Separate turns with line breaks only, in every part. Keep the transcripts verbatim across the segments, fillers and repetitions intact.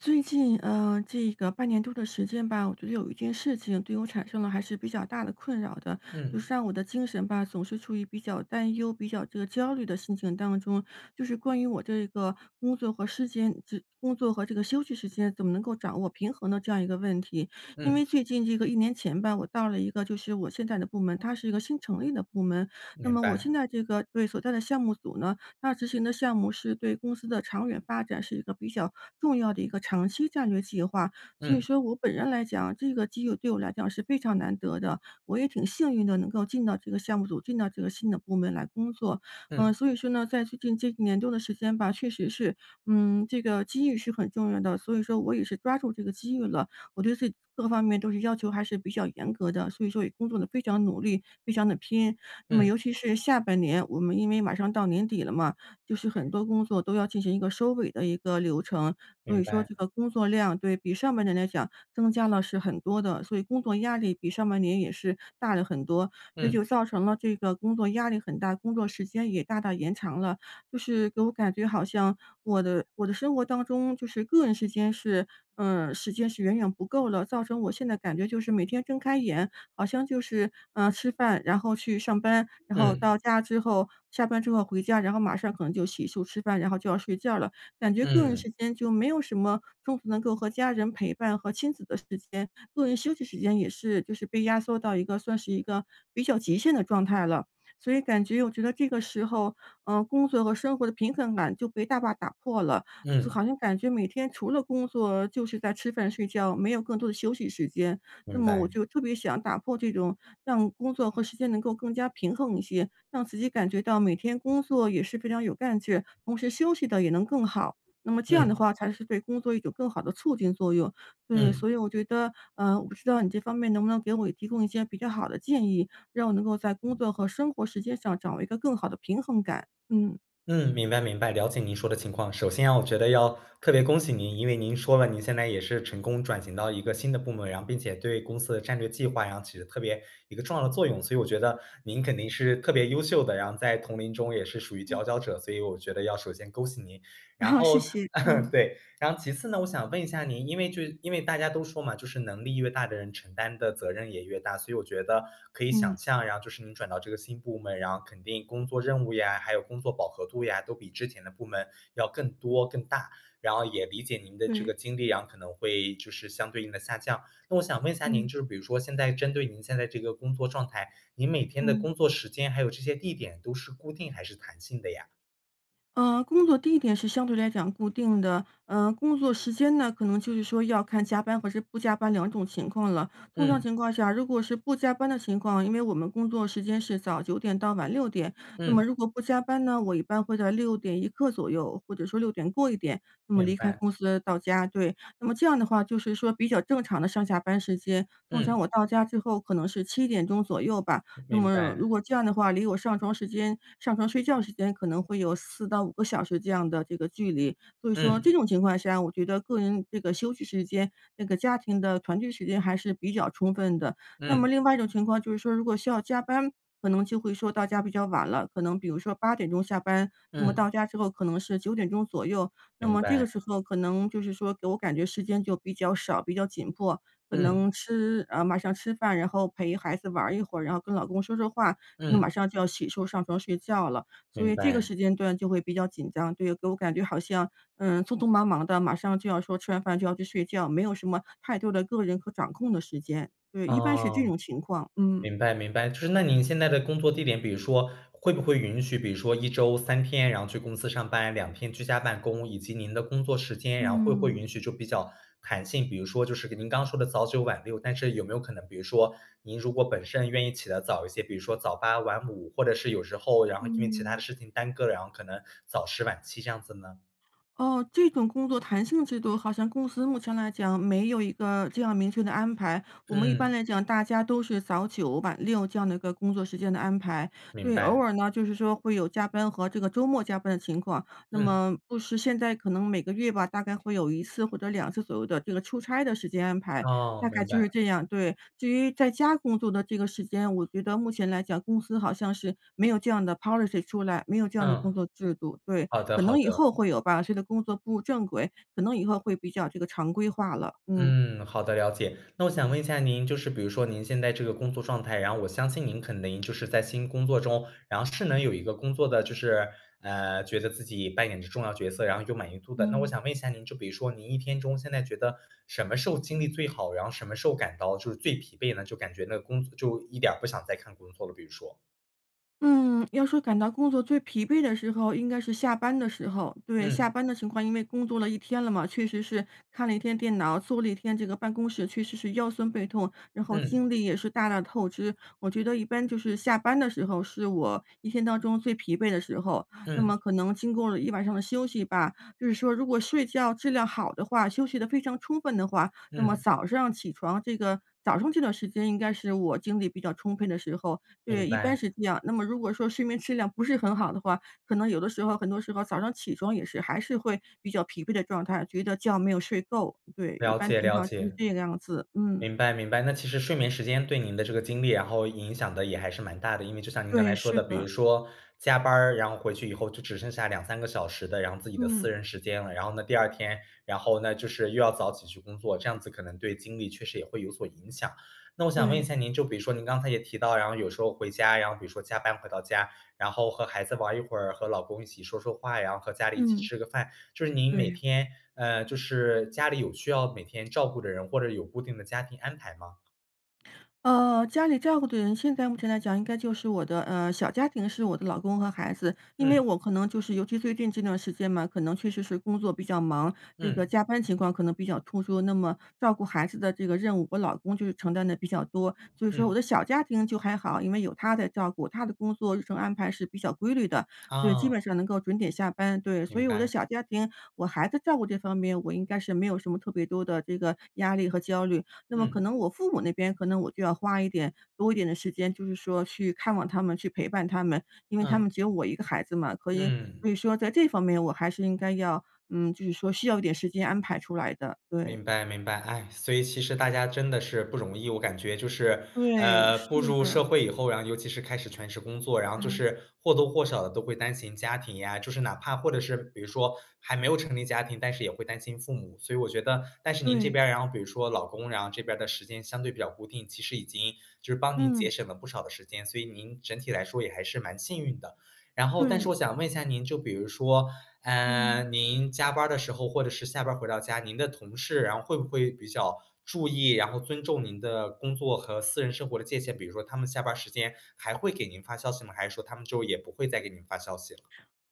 最近，呃，这个半年多的时间吧，我觉得有一件事情，对我产生了还是比较大的困扰的。就
嗯。
是让我的精神吧，总是处于比较担忧、比较这个焦虑的心情当中，就是关于我这个工作和时间这工作和这个休息时间，怎么能够掌握平衡的这样一个问题。因
嗯。
为最近这个一年前吧，我到了一个就是我现在的部门，它是一个新成立的部门。那
明
么我现
白。
在这个对，所在的项目组呢，大致性的项目是对公司的长远发展，是一个比较重要的一个长期战略计划。所以
嗯。
说我本人来讲，这个机遇对我来讲，是非常难得的，我也挺幸运的，能够进到这个项目组，进到这个新的部门来工作。呃，
嗯。
所以说呢，在最近这一年多的时间吧，确实是嗯，这个机遇是很重要的，所以说我也是抓住这个机遇了，我对自己各方面都是要求还是比较严格的，所以说也工作地非常努力，非常地拼。那么
嗯。
尤其是下半年，我们因为马上到年底了嘛，就是很多工作，都要进行一个收尾的一个流程。所
明
以说
白。
这个工作量，对比上半年来讲增加了是很多的，所以工作压力比上半年也是大了很多，所以
嗯。
就造成了这个工作压力很大，工作时间也大大延长了。就是给我感觉，好像我的我的生活当中，就是个人时间是呃，时间是远远不够了，造成我现在感觉就是每天睁开眼，好像就是，呃，吃饭，然后去上班，然后
嗯。
到家之后下班之后回家，然后马上可能就洗漱吃饭，然后就要睡觉了。感觉个人
嗯。
时间，就没有什么中途能够和家人陪伴和亲子的时间，个人休息时间也是就是被压缩到一个，算是一个比较极限的状态了，所以感觉我觉得这个时候，嗯，工作和生活的平衡感，就被大坝打破了。就
嗯。
好像感觉每天，除了工作就是在吃饭睡觉，没有更多的休息时间，那
明
么我
白。
就特别想打破这种，让工作和时间能够更加平衡一些，让自己感觉到每天工作也是非常有干劲，同时休息地也能更好，那么这样的
嗯。
话，才是对工作一种更好的促进作用。对，
嗯。
所以我觉得呃，我不知道你这方面，能不能给我提供一些比较好的建议？让我能够在工作和生活时间上，掌握一个更好的平衡感，嗯。
嗯，明白明白，了解您说的情况。首先我觉得要特别恭喜您，因为您说了您现在也是成功转型到一个新的部门，然后并且对公司的战略计划然后起着特别一个重要的作用。所以我觉得您肯定是特别优秀的，然后在同龄中也是属于佼
嗯。
佼者，所以我觉得要首先恭喜您。然
好，谢
后
谢，嗯。
对，然后其次呢，我想问一下您，因为就是因为大家都说嘛，就是能力越大的人承担的责任也越大。所以我觉得可以想
嗯。
象然后就是你转到这个新部门，然后肯定工作任务呀，还有工作饱和度呀都比之前的部门要更多、更大。然后也理解您的这个
对。
精力，然后可能会就是相对应的下降。那我想问一下您，
嗯。
就比如说现在针对您现在这个工作状态，你每天的
嗯。
工作时间还有这些地点都是固定还是弹性的呀？
呃，工作地点是相对来讲固定的，呃，工作时间呢？可能就是说要看加班或者不加班两种情况了。通常
嗯。
情况下，如果是不加班的情况，因为我们工作时间是早九点到晚六点，那
嗯。
么如果不加班呢，我一般会在六点一刻左右，或者说六点过一点，那么
明
离开
白。
公司到家，对。那么这样的话就是说比较正常的上下班时间。通
嗯。
常我到家最后可能是七点钟左右吧。那
明
么如
白。
果这样的话，离我上床时间上床睡觉时间可能会有四到五个小时这样的这个距离。所以说这
嗯。
种情况下，我觉得个人这个休息时间，这个家庭的团聚时间还是比较充分的，那
嗯。
么另外一种情况就是说如果需要加班，可能就会说到家比较晚了，可能比如说八点钟下班。那么
嗯。
到家之后可能是九点钟左右，那
明
么这
白。
个时候可能就是说给我感觉时间就比较少，比较紧迫，可
嗯。
能吃呃，马上吃饭，然后陪孩子玩一会，然后跟老公说说话，可能
嗯。
马上就要洗漱上床睡觉了。所
明
以这个
白。
时间段就会比较紧张，对给我感觉好像，嗯，匆匆忙忙的，马上就要说吃完饭就要去睡觉，没有什么太多的个人和掌控的时间。对，一般是这
哦，
种情况，嗯。
明白明白，就是那您现在的工作地点比如说会不会允许比如说一周三天然后去公司上班，两天居家办公。以及您的工作时间，然后会不会
嗯。
允许就比较弹性，比如说就是您刚说的早九晚六，但是有没有可能比如说您如果本身愿意起得早一些，比如说早八晚五，或者是有时候然后因为其他的
嗯。
事情耽搁，然后可能早十晚七这样子呢？
哦，这种工作弹性制度好像公司目前来讲没有一个这样明确的安排。我们一般
嗯。
来讲，大家都是早九晚六这样的一个工作时间的安排。
明
对，偶
白。
尔呢，就是说会有加班和这个周末加班的情况，那
嗯。
么不时现在可能每个月吧，大概会有一次或者两次左右的这个出差的时间安排，
哦，
大概
明
就是
白。
这样。对，至于在家工作的这个时间，我觉得目前来讲公司好像是没有这样的 Policy 出来，没有这样的工
嗯，
作制度，对，
好的
可
好
能以
的。
后会有吧，这个工作步入正轨，可能以后会比较这个常规化了。嗯。
嗯，好的，了解。那我想问一下您，就是比如说您现在这个工作状态，然后我相信您可能就是在新工作中，然后是能有一个工作的就是，呃，觉得自己扮演着重要角色，然后有满意度的。那我
嗯。
想问一下您，就比如说您一天中现在觉得什么时候精力最好，然后什么时候感到就是最疲惫的？就感觉那个工作就一点儿不想再看工作了，比如说。
嗯，要说感到工作最疲惫的时候应该是下班的时候。对下
嗯。
班的情况，因为工作了一天了嘛，确实是看了一天电脑，坐了一天，这个办公室确实是腰酸背痛，然后
嗯。
精力也是大大透支。我觉得一般就是下班的时候，是我一天当中最疲惫的时候。那
嗯。
么可能经过了一晚上的休息吧，就是说如果睡觉质量好的话，休息得非常充分的话，那么
嗯。
早上起床这个早上这段时间应该是我精力比较充分的时候，
明
对，一般
白。
是这样。那么如果说睡眠质量不是很好的话，可能有的时候很多时候早上起床也是还是会比较疲惫的状态，觉得觉没有睡够。对，一
了
般
解
情
了
况就是
解，
这个样子，嗯。
明白明白。那其实睡眠时间对您的这个精力然后影响得也还是蛮大的。因为就像您刚
对，
才说
是
的，比如
的。
说加班儿，然后回去以后就只剩下两三个小时的然后自己的
嗯。
私人时间了，然后呢第二天，然后呢，就是又要早起去工作，这样子可能对精力确实也会有所影响。那我想问一
对。
下您，就比如说您刚才也提到，然后有时候回家，然后比如说加班回到家，然后和孩子玩儿一会儿，和老公一起说说话呀，和家里一起
嗯。
吃个饭，就是您每
对。
天，呃，就是家里有需要每天照顾的人，或者有固定的家庭安排吗？
呃，家里照顾的人，现在目前来讲应该就是我的，呃小家庭是我的老公和孩子。因为
嗯。
我可能就是尤其最近这段时间嘛，可能确实是工作比较忙，这个
嗯。
加班情况可能比较突出，那么照顾孩子的这个任务，我老公就承担得比较多。所以说
嗯。
我的小家庭就还好，因为有他在照顾，他的工作日程安排是比较规律的，所以基本
啊。
上能够准点下班。对，所
明
以我的
白。
小家庭我孩子照顾这方面，我应该是没有什么特别多的这个压力和焦虑。那么可
嗯。
能我父母那边，可能我就要花一点多一点的时间，就是说去看望他们、去陪伴他们。因为他
嗯。
们只有我一个孩子嘛，所以所以
嗯。
说在这方面我还是应该要，嗯就是说需要一点时间安排出来的，对。
明白明白，唉，所以其实大家真的是不容易。我感觉就是，
对，
呃，
是
步入
的。
社会以后呀，尤其是开始全职工作，然后就
嗯。
是或多或少地都会担心家庭呀，就是哪怕或者是比如说还没有成立家庭，但是也会担心父母。所以我觉得但是您这
对。
边儿，然后比如说老公，然后这边的时间相对比较固定，其实已经就是帮您节
嗯。
省了不少的时间，所以您整体来说，也还是蛮幸运的。然后但是
对。
我想问一下您，就比如说，
嗯。
嗯，您加班儿的时候，或者是下班儿回到家，您的同事然后会不会比较注意，然后尊重您的工作和私人生活的界限。比如说他们下班儿时间，还会给您发消息吗？还是说他们之后也不会再给您发消息了？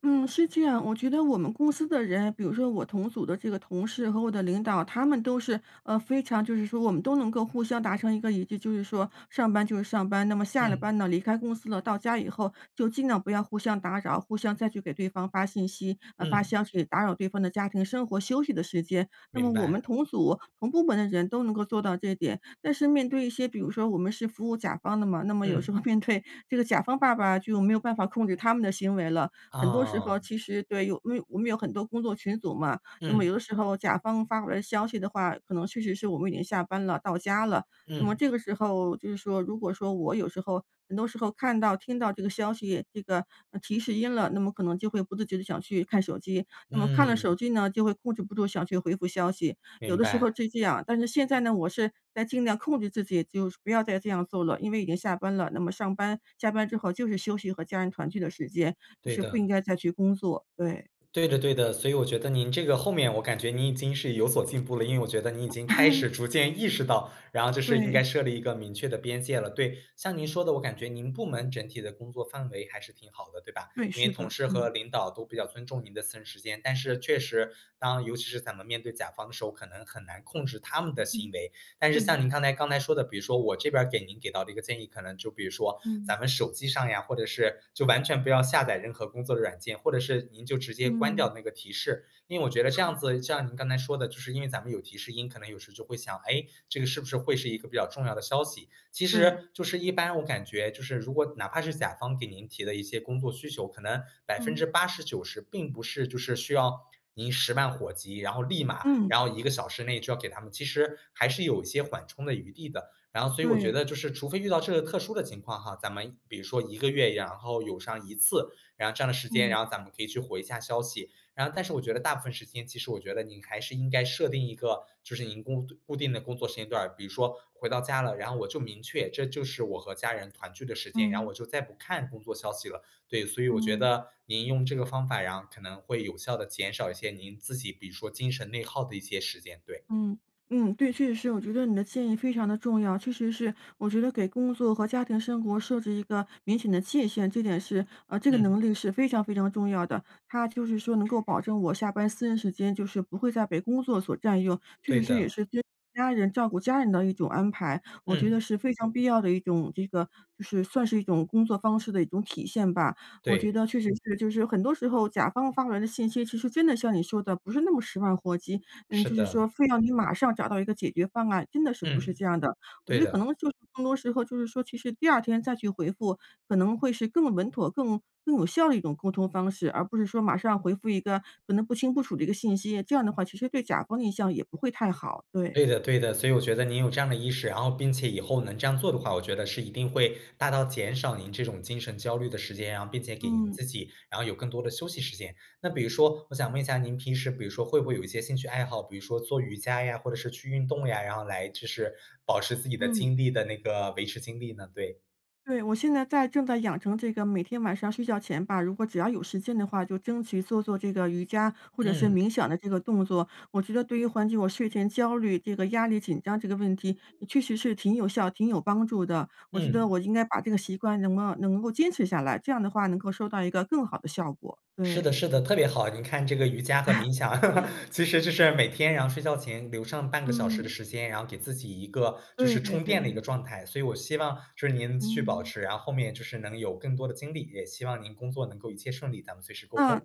嗯，是这样。我觉得我们公司的人，比如说我同组的这个同事和我的领导，他们都是，呃非常就是说我们都能够互相达成一个一致。就是说，上班就是上班，那么下了
嗯。
班呢，离开公司了，到家以后就尽量不要互相打扰、互相再去给对方发信息，呃发
嗯。
消息，打扰对方的家庭生活、休息的时间。那
明
么我们
白。
同组、同部门的人都能够做到这点。但是面对一些比如说我们是服务甲方的嘛，那么有时候
嗯。
面对这个甲方爸爸，就没有办法控制他们的行为了。很多时候
啊。
其实对，有规我们有很多工作群组嘛，那么
嗯。
有的时候甲方发回的消息的话，可能确实是我们已经下班了，到家了。那么
嗯。
这个时候就是说如果说我有时候很多时候看到、听到这个消息，这个，呃，提示音了，那么可能就会不自觉地想去看手机。那么看了手
嗯。
机呢，就会控制不住，想去回复消息，有
明
的时候
白。
是这样。但是现在呢，我是在尽量控制自己，就不要再这样做了，因为已经下班了，那么上班下班之后就是休息和家人团聚的时间，就
对
是不
的。
应该再去工作，对。
对的对的，所以我觉得您这个后面我感觉您已经是有所进步了。因为我觉得你已经开始 逐渐意识到然后就是应该
对。
设立一个明确的边界了。对，像您说的，我感觉您部门整体的工作氛围还是挺好的，对吧？
对，
因为
是
同
的，
事
嗯。
和领导都比较尊重您的私人时间，但是确实当尤其是咱们面对甲方的时候，可能很难控制他们的行
嗯。
为。但是像
对。
您刚才刚才说的，比如说我这边儿给您给到的一个建议，可能就比如说，
嗯。
咱们手机上呀或者是就完全不要下载任何工作的软件，或者是您就直接关
嗯。
掉那个提示。因为我觉得这样
好。
子像您刚才说的，就是因为咱们有提示音，可能有时候就会想：“诶，这个是不是会是一个比较重要的消息。”其
对。
实就是一般我感觉就是如果哪怕是甲方给您提的一些工作需求，可能百分之
嗯。
八十九十并不是就是需要您十万火急，然后立马
嗯。
然后一个小时内就要给他们，其实还是有一些缓冲的余地的。然后所以我我觉
对。
得就是除非遇到这个特殊的情况哈，咱们比如说一个月然后有上一次，然后占了时间，
嗯。
然后咱们可以去回一下消息。然后但是我觉得大部分时间其实我觉得你还是应该设定一个就是您固固定的工作时间段儿。比如说回到家了，然后我就明确，这就是我和家人团聚的时间，然后
嗯。
我就再不看工作消息了。对，所以我觉
嗯。
得，您用这个方法，然后可能会有效地减少一些您自己比如说精神内耗的一些时间，对。
嗯嗯，对。确实是我觉得你的建议非常地重要，确实是我觉得，给工作和家庭生活设置一个明显的界限，这点是，呃这个
嗯。
能力是非常非常重要的。它就是说，能够保证我下班私人时间，就是不会再被工作所占用，确
对
实是也
的。
是家人照顾家人的一种安排。我觉
嗯。
得是非常必要的一种这个就是算是一种工作方式的一种体现吧。我觉
对。
得确实是就是很多时候甲方发过来的信息，其实真的像你说的不是那么十万火急，嗯
是
就是说
的。
非要你马上找到一个解决方案，真的是不
嗯，
是这样的。我觉
对
得可
的。
能就是更多时候就是说其实第二天再去回复，可能会是更稳妥、更更有效的一种沟通方式，而不是说马上回复一个可能不清不楚的一个信息，这样的话其实对甲方的印象也不会太好，对。
对的对的，所以我觉得您有这样的意识，然后并且以后能这样做的话，我觉得是一定会大大减少您这种精神焦虑的时间啊，并且给您
嗯。
自己然后有更多的休息时间。那比如说我想问一下，您平时比如说会不会有一些兴趣爱好，比如说做瑜伽呀，或者是去运动呀，然后来就是保持自己的
嗯。
精力的那个维持精力呢？对。
对，我现在在正在养成这个每天晚上睡觉前吧，如果只要有时间的话，就争取做做这个瑜伽，或者是
嗯。
冥想的这个动作。我觉得对于缓解我睡前焦虑这个压力紧张这个问题，呃，确实是挺有效，挺有帮助的。我觉得
嗯。
我应该把这个习惯，能够能够坚持下来，这样的话能够收到一个更好的效果。
是
对。
的是的，特别好。您看这个瑜伽和冥想，其实就是每天然后睡觉前留上半个小时的
嗯。
时间，然后给自己一个就
对
是
对
充电的一个
对。
状态。所以我希望就是您继续保
嗯。
持，然后后面就是能有更多的精力，也希望您工作能够一切顺利，咱们随时沟
啊，
通。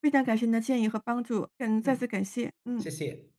非常感谢您的建议和帮助。嗯，再
嗯，
次感谢，
谢
嗯。
谢。